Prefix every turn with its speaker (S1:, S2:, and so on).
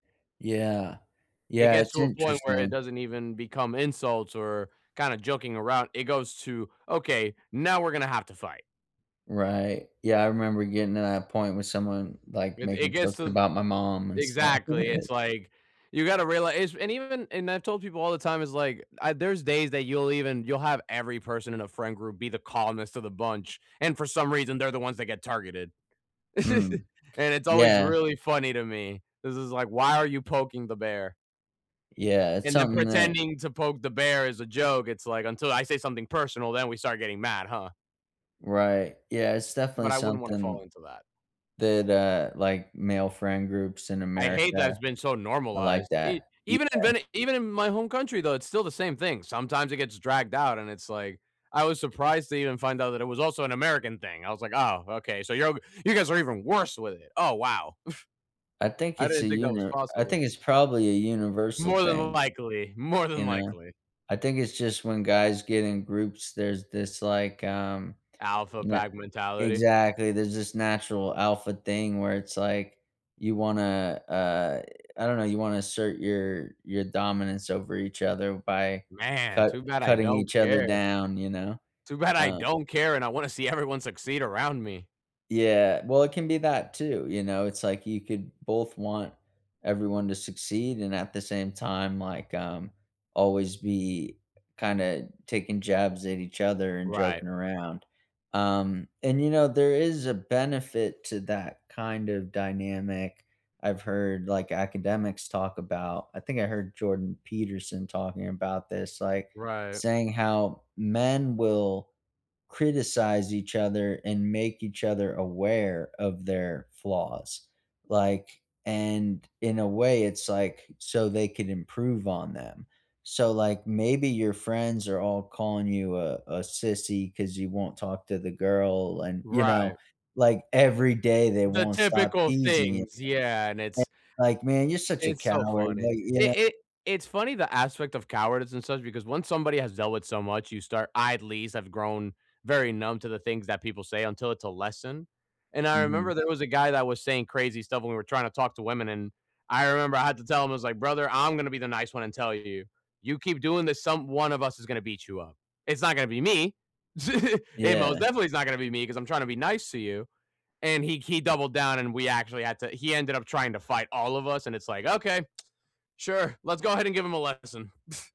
S1: Yeah.
S2: It
S1: Yeah,
S2: gets
S1: it's
S2: to a point where it
S1: interesting.
S2: doesn't even become insults or kinda joking around. It goes to, okay, now we're gonna have to fight.
S1: Right. Yeah. I remember getting to that point with someone, like,
S2: It it
S1: making
S2: gets
S1: jokes
S2: to
S1: about my mom and stuff.
S2: exactly, it's like, you gotta realize is and even and I've told people all the time is, like, there's days that you'll even you'll have every person in a friend group be the calmest of the bunch, and for some reason, they're the ones that get targeted.
S1: Mm,
S2: And it's always
S1: yeah.
S2: really funny to me. This is like, why are you poking the bear?
S1: Yeah. It's
S2: And then
S1: something that
S2: pretending to poke the bear is a joke. It's like, until I say something personal, then we start getting mad, huh?
S1: Right. Yeah. It's
S2: But
S1: definitely
S2: I wouldn't wanna fall
S1: something
S2: into that.
S1: that, uh, like, male friend groups in
S2: I hate that it's
S1: America.
S2: been so
S1: I like
S2: normalized. E
S1: that, yeah.
S2: even in Vene even in my home country, though, it's still the same thing. Sometimes it gets dragged out, and it's like, I was surprised to even find out that it was also an American thing. I was like, oh, okay. So, you'll go you're you guys are even worse with it. Oh, wow.
S1: I think
S2: I
S1: it's
S2: didn't
S1: a
S2: think that was
S1: uni I
S2: possible.
S1: think it's probably a universal
S2: More than
S1: thing.
S2: likely. More than
S1: You know?
S2: likely.
S1: I think it's just when guys get in groups, there's this, like, um,
S2: Alpha
S1: na
S2: pack mentality.
S1: exactly. There's this natural alpha thing where it's like you wanna, uh, I don't know. You wanna assert your your dominance over each other by
S2: Man,
S1: cut
S2: too bad I
S1: cutting
S2: don't
S1: each other
S2: care.
S1: down, you know?
S2: Too bad I
S1: Um
S2: don't care, and I wanna see everyone succeed around me.
S1: Yeah. Well, it can be that too, you know? It's like you could both want everyone to succeed and at the same time, like, um, always be kinda taking jabs at each other and
S2: Right.
S1: joking around. Um, and, you know, there is a benefit to that kind of dynamic, I've heard, like, academics talk about. I think I heard Jordan Peterson talking about this, like,
S2: Right.
S1: saying how men will criticize each other and make each other aware of their flaws. Like, and in a way, it's like so they can improve on them. So, like, maybe your friends are all calling you a a sissy ‘cause you won't talk to the girl and, you
S2: Right.
S1: know, like every day they
S2: The
S1: won't stop
S2: typical
S1: teasing it.
S2: things, yeah. And
S1: A
S2: it's
S1: like, man, you're such a
S2: It's so
S1: coward.
S2: funny.
S1: Like, you know?
S2: It it it's funny, the aspect of cowardice and such, because once somebody has dealt with so much, you start I at least have grown very numb to the things that people say until it's a lesson. And I remember
S1: Mhm.
S2: there was a guy that was saying crazy stuff when we were trying to talk to women. And I remember I had to tell him, I was like, "Brother, I'm gonna be the nice one and tell you, you keep doing this, some one of us is gonna beat you up. It's not gonna be me. It most
S1: Yeah.
S2: definitely is not gonna be me ‘cause I'm trying to be nice to you." And he he doubled down, and we actually had to he ended up trying to fight all of us. And it's like, okay. Sure. Let's go ahead and give him a lesson.